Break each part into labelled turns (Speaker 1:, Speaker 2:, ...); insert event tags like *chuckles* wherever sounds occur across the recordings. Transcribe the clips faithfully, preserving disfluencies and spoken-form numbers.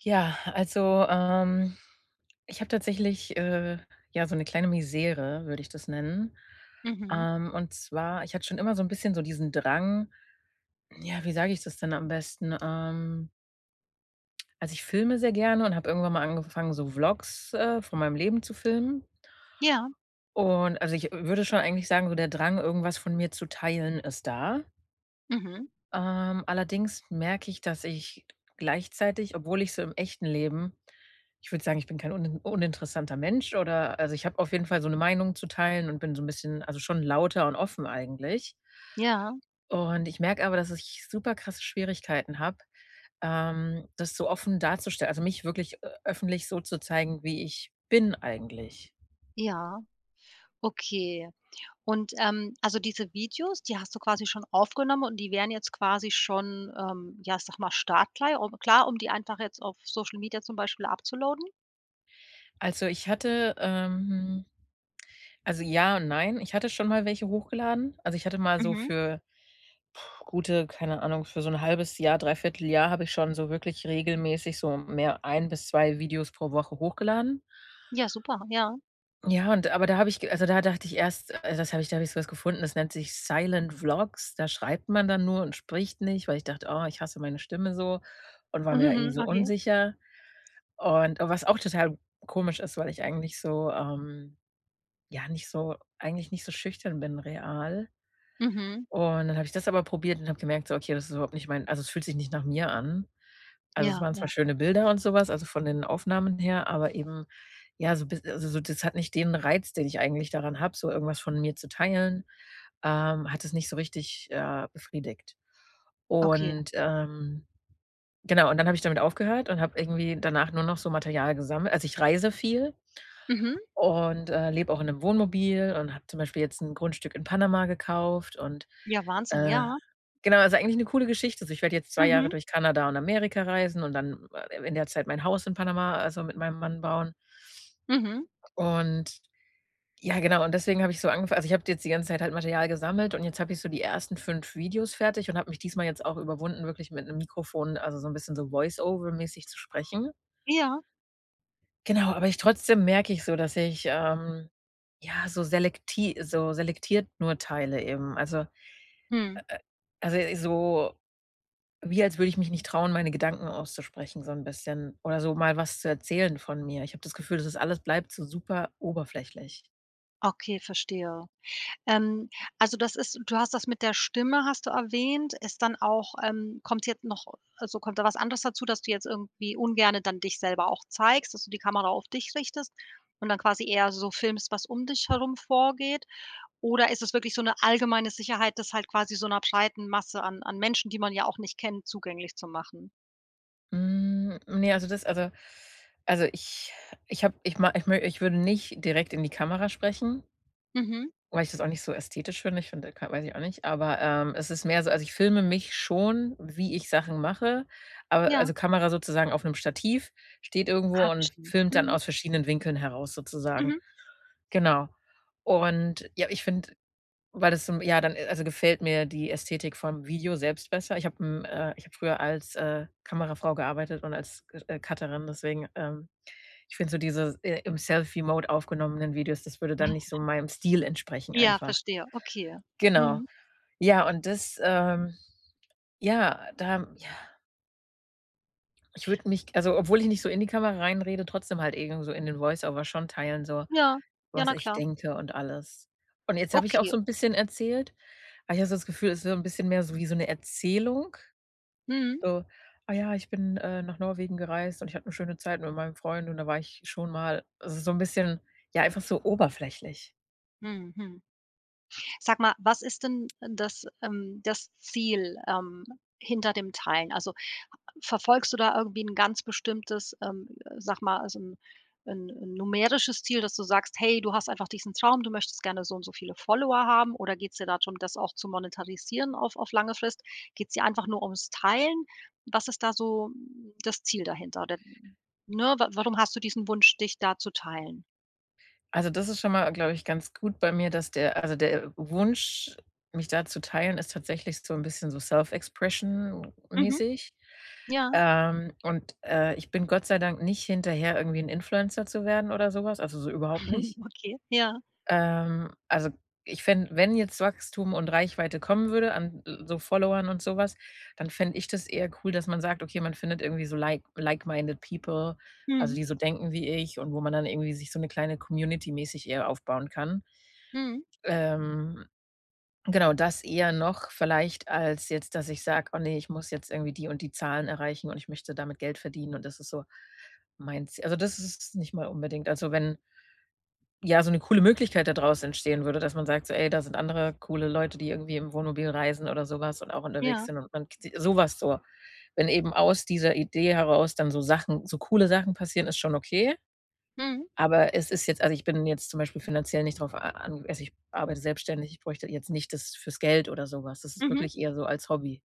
Speaker 1: Ja, also, ähm, ich habe tatsächlich, äh, ja, so 'ne kleine Misere, würde ich das nennen.
Speaker 2: Mhm.
Speaker 1: Ähm, und zwar, ich hatte schon immer so 'n bisschen so diesen Drang Ja, wie sage ich das denn am besten? Ähm Also, ich filme sehr gerne und habe irgendwann mal angefangen, so Vlogs, äh, von meinem Leben zu filmen.
Speaker 2: Ja.
Speaker 1: Und, also, ich, äh, würde schon eigentlich sagen, so der Drang, irgendwas von mir zu teilen, ist da.
Speaker 2: Mhm.
Speaker 1: Ähm, allerdings merke ich, dass ich gleichzeitig obwohl ich so im echten Leben ich würde sagen, ich bin kein unin uninteressanter Mensch oder also, ich habe auf jeden Fall so 'ne Meinung zu teilen und bin so 'n bisschen, also, schon lauter und offen eigentlich.
Speaker 2: Ja.
Speaker 1: Und ich merke aber, dass ich super krasse Schwierigkeiten habe, ähm, das so offen darzustellen. Also, mich wirklich ö öffentlich so zu zeigen, wie ich bin, eigentlich.
Speaker 2: Ja, okay. Und, ähm, also, diese Videos, die hast du quasi schon aufgenommen und die wären jetzt quasi schon, ähm, ja, ich sage mal, startklar, un klar, um die einfach jetzt auf Social Media zum Beispiel upzuloaden?
Speaker 1: Also, ich hatte ähm, also, ja und nein, ich hatte schon mal welche hochgeladen. Also, ich hatte mal so
Speaker 2: Mhm.
Speaker 1: für *blows air* gute keine Ahnung, für so 'n halbes Jahr, dreiviertel Jahr habe ich schon so wirklich regelmäßig so mehr ein bis zwei Videos pro Woche hochgeladen.
Speaker 2: Ja, super, ja.
Speaker 1: Ja, und aber da habe ich g also, da dachte ich erst also, das habe ich da habe ich so was gefunden, das nennt sich Silent Vlogs, da schreibt man dann nur und spricht nicht, weil ich dachte: „Oh, ich hasse meine Stimme“ so und war mir da irgendwie
Speaker 2: Mhm,
Speaker 1: so
Speaker 2: okay.
Speaker 1: unsicher. Und was auch total komisch ist, weil ich eigentlich so, ähm, ja, nicht so eigentlich nicht so schüchtern bin real.
Speaker 2: Mhm.
Speaker 1: Und dann habe ich das aber probiert und habe gemerkt, so: „Okay, das ist überhaupt nicht mein also, es fühlt sich nicht nach mir an.“ Also, es
Speaker 2: Ja,
Speaker 1: waren zwar
Speaker 2: ja.
Speaker 1: schöne Bilder und sowas, also, von den Aufnahmen her, aber eben, ja, so biss also, so, das hat nicht den Reiz, den ich eigentlich daran habe, so irgendwas von mir zu teilen ähm, hat das nicht so richtig, äh, befriedigt.
Speaker 2: Okay.
Speaker 1: Und, ähm genau, und dann habe ich damit aufgehört und habe irgendwie danach nur noch so Material gesammelt. Also, ich reise viel
Speaker 2: Mhm.
Speaker 1: und, äh, lebe auch in 'nem Wohnmobil und habe zum Beispiel jetzt 'n Grundstück in Panama gekauft und
Speaker 2: Ja, Wahnsinn,
Speaker 1: äh,
Speaker 2: ja.
Speaker 1: genau, also, eigentlich 'ne coole Geschichte, also, ich werd jetzt zwei Jahre
Speaker 2: Mhm.
Speaker 1: durch Kanada und Amerika reisen und dann, äh, in der Zeit mein Haus in Panama, also, mit meinem Mann bauen.
Speaker 2: Mhm.
Speaker 1: Und ja, genau, und deswegen habe ich so angefangen also, ich habe da jetzt die ganze Zeit halt Material gesammelt und jetzt habe ich so die ersten fünf Videos fertig und habe mich diesmal jetzt auch überwunden, wirklich mit 'nem Mikrofon, also, so 'n bisschen so Voiceover-mäßig zu sprechen.
Speaker 2: Ja.
Speaker 1: Genau, aber ich trotzdem merke ich so, dass ich, ähm, ja, so selekti so selektiert nur teile eben. Also, äh,
Speaker 2: Mhm.
Speaker 1: äh, also, so wie als würde ich mich nicht trauen, meine Gedanken auszusprechen so 'n bisschen oder so mal was zu erzählen von mir. Ich habe das Gefühl, das ist alles bleibt so super oberflächlich.
Speaker 2: Okay, verstehe. Ähm, also das ist du hast das mit der Stimme hast du erwähnt ist dann auch ähm, kommt jetzt noch also kommt da was anderes dazu, dass du jetzt irgendwie ungerne dann dich selber auch zeigst, dass du die Kamera auf dich richtest und dann quasi eher so filmst, was um dich herum vorgeht? Oder ist es wirklich so 'ne allgemeine Sicherheit, das halt quasi so 'ner breiten Masse an an Menschen, die man ja auch nicht kennt, zugänglich zu machen?
Speaker 1: Hm, ne, also das also also ich ich habe ich ma ich mö ich würde nicht direkt in die Kamera sprechen
Speaker 2: Mhm.
Speaker 1: weil ich das auch nicht so ästhetisch finde. Ich finde, da ka weiß ich auch nicht, aber, ähm, es ist mehr so also ich filme mich schon, wie ich Sachen mache, aber
Speaker 2: Ja.
Speaker 1: also Kamera sozusagen auf 'nem Stativ, steht irgendwo
Speaker 2: Ah,
Speaker 1: und
Speaker 2: verstehe.
Speaker 1: filmt dann
Speaker 2: Mhm.
Speaker 1: aus verschiedenen Winkeln heraus sozusagen.
Speaker 2: Mhm.
Speaker 1: Genau und, ja, ich finde, weil das zum ja, dann, äh, also gefällt mir die Ästhetik vom Video selbst besser. Ich habe 'n äh, ich habe früher als, äh, Kamerafrau gearbeitet und als C äh, Cutterin, deswegen ähm, ich finde so diese, äh, im Selfie-Mode aufgenommenen Videos, das würde dann nicht so
Speaker 2: *chuckles*
Speaker 1: meinem Stil entsprechen
Speaker 2: Ja,
Speaker 1: einfach.
Speaker 2: verstehe, okay.
Speaker 1: Genau.
Speaker 2: Mhm.
Speaker 1: Ja, und das ähm, ja, da ja. Ich würde mich- also, obwohl ich nicht so in die Kamera reinrede- trotzdem halt irgend so in den Voiceover schon teilen, so,
Speaker 2: Ja, ja,
Speaker 1: was
Speaker 2: na
Speaker 1: ich
Speaker 2: klar.
Speaker 1: denke und alles. Und jetzt habe ich auch
Speaker 2: Okay.
Speaker 1: so 'n bisschen erzählt, aber ich habe so das Gefühl, es ist so 'n bisschen mehr so wie so 'ne Erzählung,
Speaker 2: Mhm.
Speaker 1: so: „Ah ja, ich bin, äh, nach Norwegen gereist und ich hatte 'ne schöne Zeit mit meinem Freund und da war ich schon mal,“ also, so 'n bisschen ja, einfach so oberflächlich.
Speaker 2: Mhm. Mhm. Sag mal, was ist denn, äh, das ähm, das Ziel, ähm, hinter dem Teilen? Also, verfolgst du da irgendwie 'n ganz bestimmtes, ähm, sage mal, so 'n 'n numerisches Ziel, dass du sagst, hey, du hast einfach diesen Traum, du möchtest gerne so und so viele Follower haben? Oder geht's dir da drum, das auch zu monetarisieren auf auf lange Frist? Geht's dir einfach nur ums Teilen? Was ist da so das Ziel dahinter oder ne? Wa warum hast du diesen Wunsch, dich da zu teilen?
Speaker 1: Also, das ist schon mal, glaube ich, ganz gut bei mir, dass der also, der Wunsch, mich da zu teilen, ist tatsächlich so 'n bisschen so Self-Expression
Speaker 2: Mhm.
Speaker 1: mäßig.
Speaker 2: Ja.
Speaker 1: Ähm, und, äh, ich bin Gott sei Dank nicht hinterher irgendwie 'n Influencer zu werden oder so was, also, so überhaupt nicht.
Speaker 2: *chuckles* Okay, ja.
Speaker 1: Ähm, also, ich fände wenn jetzt Wachstum und Reichweite kommen würde an so Followern und so was, dann fände ich das eher cool, dass man sagt. „Okay, man findet irgendwie so like like-minded people, also
Speaker 2: Mhm.
Speaker 1: die so denken wie ich und wo man dann irgendwie sich so 'ne kleine Community mäßig eher aufbauen kann.“
Speaker 2: Mhm.
Speaker 1: Ähm, genau, das eher noch, vielleicht als jetzt, dass ich sage: „Oh ne, ich muss jetzt irgendwie die und die Zahlen erreichen und ich möchte damit Geld verdienen und das ist so mein Z“ Also, das ist es nicht mal unbedingt. Also, wenn ja, so 'ne coole Möglichkeit da draus entstehen würde, dass man sagt, so: „Ey, da sind andere coole Leute, die irgendwie im Wohnmobil reisen oder sowas und auch unterwegs
Speaker 2: Ja.
Speaker 1: sind und man kt“ sowas so. Wenn eben aus dieser Idee heraus dann so Sachen so coole Sachen passieren, ist schon okay,
Speaker 2: Mhm.
Speaker 1: aber es ist jetzt also, ich bin jetzt zum Beispiel finanziell nicht drauf a an also, ich arbeite selbstständig, ich bräuchte jetzt nicht das fürs Geld oder sowas. Das ist
Speaker 2: Mhm.
Speaker 1: wirklich eher so als Hobby.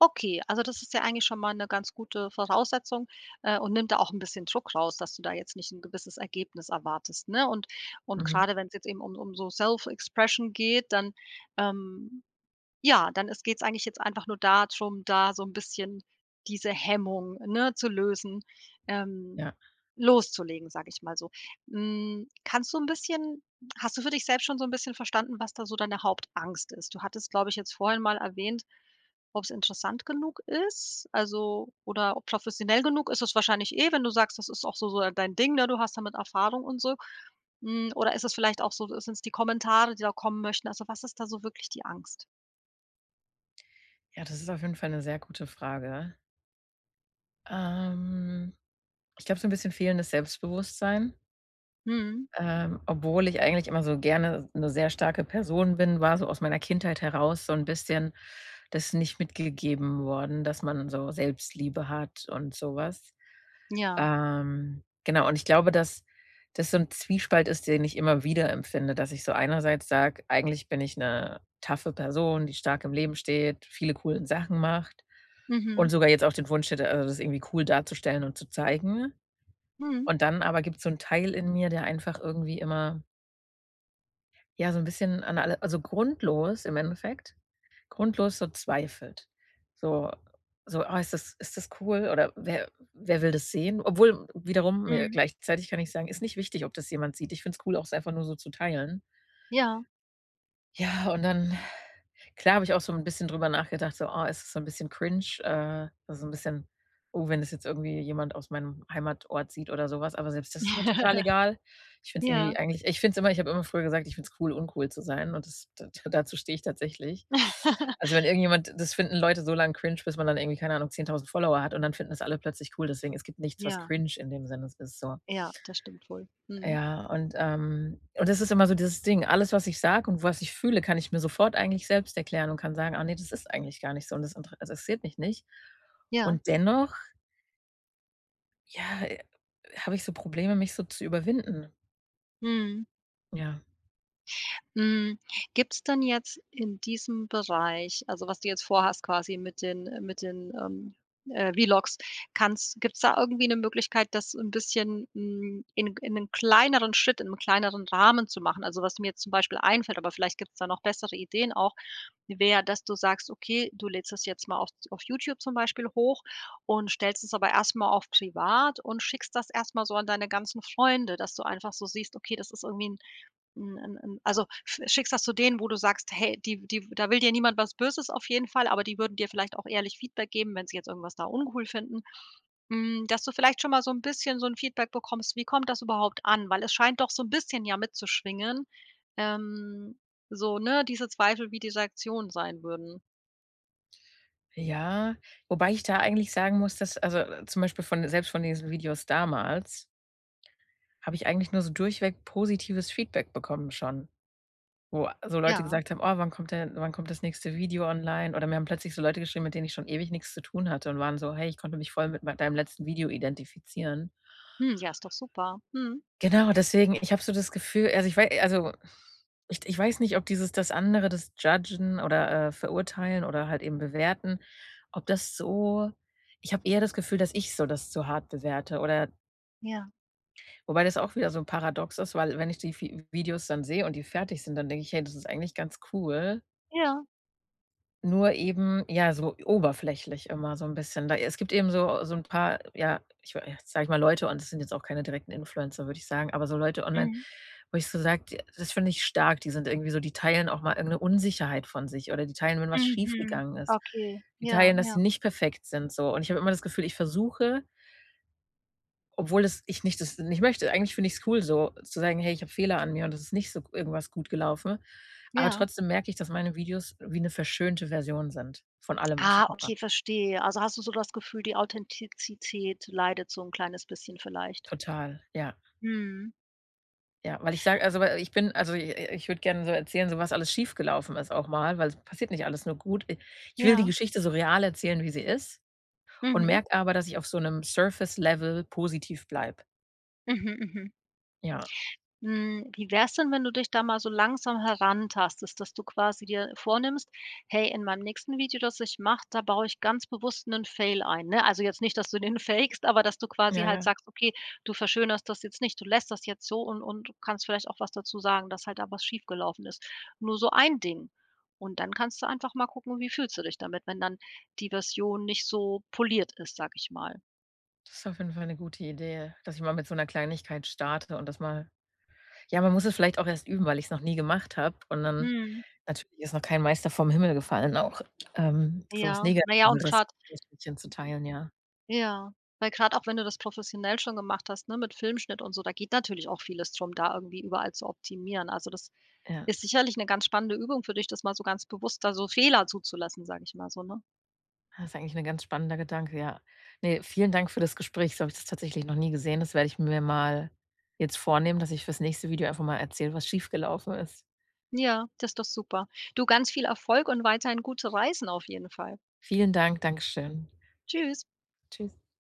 Speaker 2: Okay, also, das ist ja eigentlich schon mal 'ne ganz gute Voraussetzung, äh, und nimmt da auch 'n bisschen Druck raus, dass du da jetzt nicht 'n gewisses Ergebnis erwartest, ne? Und und
Speaker 1: Mhm.
Speaker 2: gerade, wenn's jetzt eben um um so Self-Expression geht, dann, ähm, ja, dann ist geht's eigentlich jetzt einfach nur da drum, da so 'n bisschen diese Hemmung, ne, zu lösen, ähm,
Speaker 1: Ja.
Speaker 2: loszulegen, sage ich mal so. Hm, kannst du 'n bisschen hast du für dich selbst schon so 'n bisschen verstanden, was da so deine Hauptangst ist? Du hattest, glaube ich, jetzt vorhin mal erwähnt, ob's interessant genug ist, also, oder o professionell genug ist es wahrscheinlich eh, wenn du sagst, das ist auch so so, äh, dein Ding, ne? Du hast damit Erfahrung und so. Hm, oder ist es vielleicht auch so sind's die Kommentare, die da kommen möchten? Also, was ist da so wirklich die Angst?
Speaker 1: Ja, das ist auf jeden Fall 'ne sehr gute Frage. Ähm, ich glaube, so 'n bisschen fehlendes Selbstbewusstsein.
Speaker 2: Mhm.
Speaker 1: Ähm, obwohl ich eigentlich immer so gerne 'ne sehr starke Person bin, war so aus meiner Kindheit heraus, so 'n bisschen das nicht mitgegeben worden, dass man so Selbstliebe hat und so was.
Speaker 2: Ja.
Speaker 1: Ähm, genau, und ich glaube, dass das so 'n Zwiespalt ist, den ich immer wieder empfinde, dass ich so einerseits sage, eigentlich bin ich 'ne toughe Person, die stark im Leben steht, viele coolen Sachen macht und
Speaker 2: Mhm.
Speaker 1: sogar jetzt auch den Wunsch hätte, also, das irgendwie cool darzustellen und zu zeigen.
Speaker 2: Mhm.
Speaker 1: Und dann aber gibt's so 'n Teil in mir, der einfach irgendwie immer ja, so 'n bisschen an alle also, grundlos im Endeffekt, grundlos so zweifelt. So so: „Ah, ist das ist das cool? Oder wer wer will das sehen?“ Obwohl wiederum mir-
Speaker 2: Mhm.
Speaker 1: gleichzeitig kann ich sagen- ist nicht wichtig, ob das jemand sieht. Ich find's cool, auch es einfach nur so zu teilen.
Speaker 2: Ja.
Speaker 1: Ja, und dann, klar, habe ich auch so 'n bisschen drüber nachgedacht, so: „Oh, ist das so 'n bisschen cringe?“, äh, also so 'n bisschen: „Oh, wenn das jetzt irgendwie jemand aus meinem Heimatort sieht“ oder so was, aber selbst das ist mir total
Speaker 2: *chuckles*
Speaker 1: egal. Ich find's
Speaker 2: Ja.
Speaker 1: irgendwie eigentlich ich find's immer ich habe immer früher gesagt, ich finde es cool, uncool zu sein und das da dazu stehe ich tatsächlich.
Speaker 2: *laughs*
Speaker 1: Also, wenn irgendjemand das finden Leute so lang cringe, bis man dann irgendwie, keine Ahnung, zehntausend Follower hat, und dann finden das alle plötzlich cool, deswegen es gibt nichts, was
Speaker 2: Ja.
Speaker 1: cringe in dem Sinne ist, so.
Speaker 2: Ja, das stimmt wohl, mhm.
Speaker 1: Ja, und, ähm, das ist immer so dieses Ding, alles, was ich sage und was ich fühle, kann ich mir sofort eigentlich selbst erklären und kann sagen, ah, ne, das ist eigentlich gar nicht so und das intere interessiert mich nicht
Speaker 2: Ja.
Speaker 1: und dennoch ja, äh, habe ich so Probleme, mich so zu überwinden.
Speaker 2: Mhm.
Speaker 1: Ja.
Speaker 2: Mhm. Gibt's dann jetzt in diesem Bereich, also was du jetzt vor hast quasi mit den, äh mit den, ähm, äh, V-Logs, kannst gibt's da irgendwie 'ne Möglichkeit, das 'n bisschen, hm, in in 'nen kleineren Schritt, im kleineren Rahmen zu machen? Also was da mir jetzt zum Beispiel einfällt- aber vielleicht gibt's da noch bessere Ideen auch- wäre, dass du sagst, okay, du lädst das jetzt mal auf auf YouTube zum Beispiel hoch und stellst es aber erst mal auf privat und schickst das erst mal so an deine ganzen Freunde, dass du einfach so siehst, okay, das ist irgendwie 'n 'n 'n 'n also, sch schickst das zu denen, wo du sagst hey, die die da will dir niemand was Böses auf jeden Fall, aber die würden dir vielleicht auch ehrlich Feedback geben wenn sie jetzt irgendwas da uncool finden. Hm, dass du vielleicht schon mal so 'n bisschen so 'n Feedback bekommst, wie kommt das überhaupt an? Weil es scheint doch so 'n bisschen ja mitzuschwingen, ähm, so, ne, diese Zweifel, wie die Rektionen sein würden.
Speaker 1: Ja, wobei ich da eigentlich sagen muss, dass also, zum Beispiel von selbst von diesen Videos damals habe ich eigentlich nur so durchweg positives Feedback bekommen schon, wo so Leute
Speaker 2: Ja.
Speaker 1: gesagt haben: „Oh, wann kommt denn wann kommt das nächste Video online?“ Oder mir haben plötzlich so Leute geschrieben, mit denen ich schon ewig nichts zu tun hatte und waren so: „Hey, ich konnte mich voll mit mei deinem letzten Video identifizieren.“
Speaker 2: Hm. Ja, ist doch super. Mhm.
Speaker 1: Genau, deswegen. Ich habe so das Gefühl, also ich wei also *exhales* ich d ich weiß nicht, ob dieses das andere, das Judgen oder, äh, verurteilen oder halt eben bewerten, ob das so ich habe eher das Gefühl dass ich so das zu hart bewerte oder
Speaker 2: Ja.
Speaker 1: Wobei das auch wieder so paradox ist, weil wenn ich die Vi Videos dann sehe und die fertig sind, dann denke ich: „Hey, das ist eigentlich ganz cool.“
Speaker 2: Ja.
Speaker 1: Nur eben, ja, so oberflächlich immer so 'n bisschen. Da es gibt eben so so 'n paar, ja, ich wei äh, sage ich mal, Leute, und das sind jetzt auch keine direkten Influencer, würde ich sagen, aber so Leute online,
Speaker 2: Mhm.
Speaker 1: wo ich so sage: „Die das finde ich stark, die sind irgendwie so die teilen auch mal irgend 'ne Unsicherheit von sich oder die teilen, wenn was schief
Speaker 2: Mhm.
Speaker 1: gegangen ist.
Speaker 2: Okay,
Speaker 1: Die
Speaker 2: ja,
Speaker 1: teilen, dass sie
Speaker 2: ja.
Speaker 1: nicht perfekt sind,“ so und ich habe immer das Gefühl, ich versuche obwohl es ich nicht das nicht möchte, eigentlich finde ich's cool so, zu sagen: „Hey, ich habe Fehler an mir und das ist nicht so g irgendwas gut gelaufen.“ Aber
Speaker 2: Ja.
Speaker 1: trotzdem merke ich, dass meine Videos wie 'ne verschönte Version sind von allem, was
Speaker 2: Ah,
Speaker 1: ich mache.
Speaker 2: okay, verstehe. Also, hast du so das Gefühl, die Authentizität leidet so 'n kleines bisschen vielleicht?
Speaker 1: Total, ja.
Speaker 2: Mhm.
Speaker 1: Ja, weil ich sage, also we ich bin, also, i i ich würde gern so erzählen, so was alles schiefgelaufen ist auch mal, weil es passiert nicht alles nur gut. I ich will die
Speaker 2: Ja.
Speaker 1: Geschichte so real erzählen, wie sie ist und
Speaker 2: Mhm.
Speaker 1: merke aber, dass ich auf so 'nem Surface-Level positiv bleibe. Ja.
Speaker 2: Mhm. Mhm.
Speaker 1: Ja.
Speaker 2: Hm, wie wär's denn, wenn du dich da mal so langsam herantastest, dass du quasi dir vornimmst: „Hey, in meinem nächsten Video, das ich mache, da baue ich ganz bewusst 'nen Fail ein“, ne? Also, jetzt nicht, dass du den fakst, aber dass du quasi
Speaker 1: Ja,
Speaker 2: halt
Speaker 1: ja.
Speaker 2: sagst, okay, du verschönerst das jetzt nicht, du lässt das jetzt so und und kannst vielleicht auch was dazu sagen, dass halt da was schiefgelaufen ist. Nur so ein Ding und dann kannst du einfach mal gucken wie fühlst du dich damit, wenn dann die Version nicht so poliert ist, sage ich mal.
Speaker 1: Das ist auf jeden Fall 'ne gute Idee, dass ich mal mit so 'ner Kleinigkeit starte und das mal Ja, man muss es vielleicht auch erst üben, weil ich's noch nie gemacht habe und dann
Speaker 2: Mhm.
Speaker 1: Natürlich ist noch kein Meister vom Himmel gefallen auch, ähm, sowas
Speaker 2: Ja,
Speaker 1: nega
Speaker 2: na ja, und
Speaker 1: *unintelligible*
Speaker 2: grad
Speaker 1: zu teilen, ja.
Speaker 2: Ja, weil grad auch wenn du das professionell schon gemacht hast, ne, mit Filmschnitt und so, da geht natürlich auch vieles drum, da irgendwie überall zu optimieren. Also, das
Speaker 1: Ja.
Speaker 2: ist sicherlich 'ne ganz spannende Übung für dich, das mal so ganz bewusst da so Fehler zuzulassen, sage ich mal so, ne?
Speaker 1: Ja, ist eigentlich 'n ganz spannender Gedanke, ja. Ne, vielen Dank für das Gespräch. So habe ich das tatsächlich noch nie gesehen, das werde ich mir mal jetzt vornehmen, dass ich für's nächste Video einfach mal erzähle, was schiefgelaufen ist.
Speaker 2: Ja, das ist doch super. Du, ganz viel Erfolg und weiterhin gute Reisen auf jeden Fall.
Speaker 1: Vielen Dank. Dankeschön.
Speaker 2: Tschüss.
Speaker 1: Tschüss.